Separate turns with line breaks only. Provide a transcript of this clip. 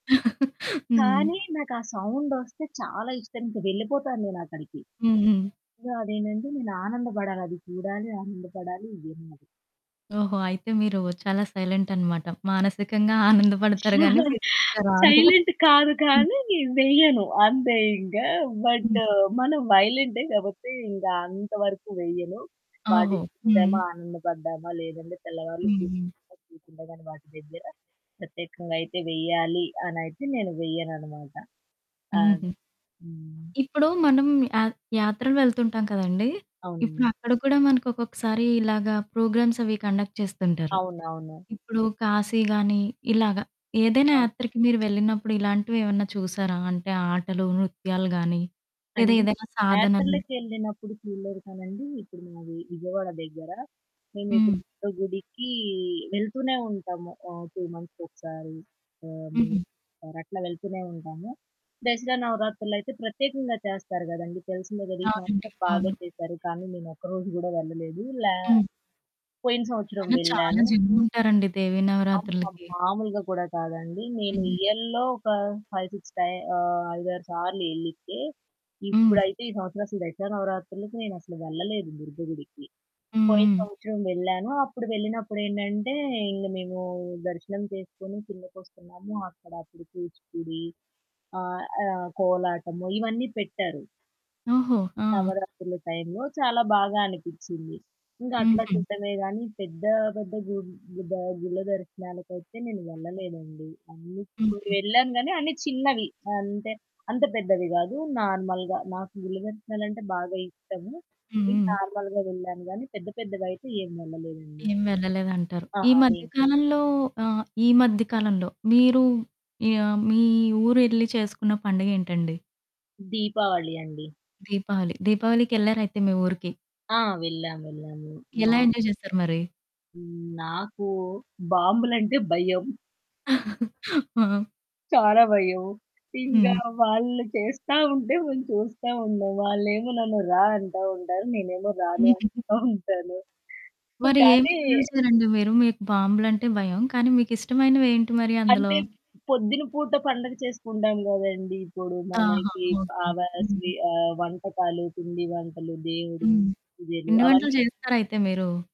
హ్మ్.
కానీ నాకా సౌండొస్తే చాలా ఇష్టం. ఇంక వెళ్ళిపోతాను నేనక్కడికి.
హ్మ్. హ్మ్.
సో, అదేంటంటే నేనానందపడాలి. అది చూడాలి. ఆనందపడాలి. ఇదే
ఓహో! అయితే మీరు చాలా సైలెంటనమాట. మానసికంగా ఆనందపడతారు గానీ ఫిజికల్‌గా రాదు.
సైలెంట్ కాదు
హ్మ్.
కానీ వెయ్యను. అంతే ఇంకా బట్టు
హుహు.
మనం వయలెంటే కాబట్టి ఇంకా అంతవరకు వెయ్యను.
ఓహో!
వాటిని చూశామా,
హ్మ్.
ఆనందపడ్డామా లేదంటే తెల్లవారులు
హ్మ్.
కూర్చొని వాటి దగ్గర ప్రత్యేకంగా అయితే వేయాలనయితే నేను వెయ్యననమాట. ఆహ్,
హుహు.
హ్మ్.
ఇప్పుడు మనం యా యాత్రలు వెళ్తుంటాం కదండీ,
అవునండి.
ఇప్పుడక్కడ కూడా మనకు ఒక్కొక్కసారి ఇలాగ ప్రోగ్రామ్స్ అవి కండక్ట్ చేస్తుంటారు.
అవునవును.
ఇప్పుడు కాశీ గాని ఇలాగ ఏదైనా
అవును.
యాత్రకి మీరు వెళ్ళినప్పుడు ఇలాంటివేవన్నా చూసారా అంటే ఆటలు, నృత్యాలు గాని లేదా
[unintelligible]
ఏదైనా సాధనలు?
యాత్రలకెళ్ళినప్పుడు చూడలేదు కానండీ ఇప్పుడు మాది విజయవాడ దగ్గర, మేమెప్పుడు
హ్మ్.
దుర్గ గుడికి వెళ్తూనే ఉంటాము, ఆహ్, 2 మంత్స్‌కి ఒకసారి, హ్మ్.
హుహు.
అట్లా వెళ్తూనే ఉంటాము. దసరా నవరాత్రులయితే ప్రత్యేకంగా చేస్తారు గదండీ తెలిసిందే గదా! ఈ
అవునండి.
సంవత్సరం బాగా
అవును.
చేసారు, కానీ నేను ఒక్కరోజు కూడా వెళ్ళలేదు. లే
హ్మ్.
పోయిన సంవత్సరం
కానీ చాలా
వెళ్ళాను.
జనముంటారండి దేవీ
అమ్మా!
నవరాత్రులకి.
మామూలుగా కూడా కాదండి. నేను
హ్మ్.
ఇయర్‌లో ఒక 5, 6 టై ఆహ్, 5, 6 సార్లు వెళ్ళితే
హ్మ్.
ఇప్పుడైతే ఈ సంవత్సరం అసలు దశరా నవరాత్రులకి నేనసలు వెళ్ళలేదు దుర్గ గుడికి.
హ్మ్.
పోయిన
హ్మ్.
సంవత్సరం వెళ్ళాను. అప్పుడు వెళ్ళినప్పుడేంటంటే ఇంక మేము దర్శనం చేసుకొని కిందకి వస్తున్నాము. అక్కడ అప్పుడు కూచిపూడి ఆహ్, కోలాటము ఇవన్నీ పెట్టారు.
ఓహో! ఆ!
నవరాత్రుల టైంలో చాలా బాగా అనిపిచ్చింది. ఇంకా అట్లా
హుహు.
చూడడమే కానీ, పెద్ద పెద్ద గు గు గుళ్ళ దర్శనాలకైతే నేను వెళ్ళలేదండి.
హుహు.
వెళ్ళాను కానీ అన్ని చిన్నవి. అంటే అంత పెద్దవి గాదు. నార్మల్‌గా నాకు గుళ్ళ దర్శనాలంటే బాగా ఇష్టము.
హ్మ్.
ఇంకా
హ్మ్.
నార్మల్‌గా వెళ్ళాను కానీ పెద్ద పెద్దగా అయితే ఏం వెళ్ళలేదండి.
ఏం వెళ్ళలేదంటారు. ఈ
అహా!
మధ్య
ఏం
కాలంలో ఆహ్, ఈ మధ్యకాలంలో మీరు ఆహ్, మీ ఊరు వెళ్లి చేసుకున్న పండుగేంటండి?
దీపావళి అండి.
దీపావళి. దీపావళికెళ్లారయితే మీ ఊరికి.
ఆ! వెళ్ళావెళ్ళాము. మా
ఎలా ఎంజాయ్ చేశారు మరి?
నాకు బాంబులంటే భయం.
ఆ!
చాలా భయం. ఇంగా
హ్మ్.
వాళ్ళు చేస్తా ఉంటే మేము చూస్తా ఉంటాం. వాళ్ళేమో నన్ను "రా" అంటా ఉంటారు. నేనేమో రాను అంటా ఉంటాను.
మరి
కానీ
ఏమి చూసారండి మీరు, మీకు బాంబులంటే భయం కానీ మీకిష్టమైనవి ఏంటి మరి అందులో?
అంటే పొద్దున పూట పండుగ చేసుకుంటాం గదండీ! ఇప్పుడు
ఆహా!
మనకి ఆ
ఓకె.
స్
హ్మ్.
వంటకాలు, పిండి వంటలు, దేవుడి
హ్మ్.
పూజలు
పిండి వంటలు
అవన్నీ
చేస్తారయితే మీరు?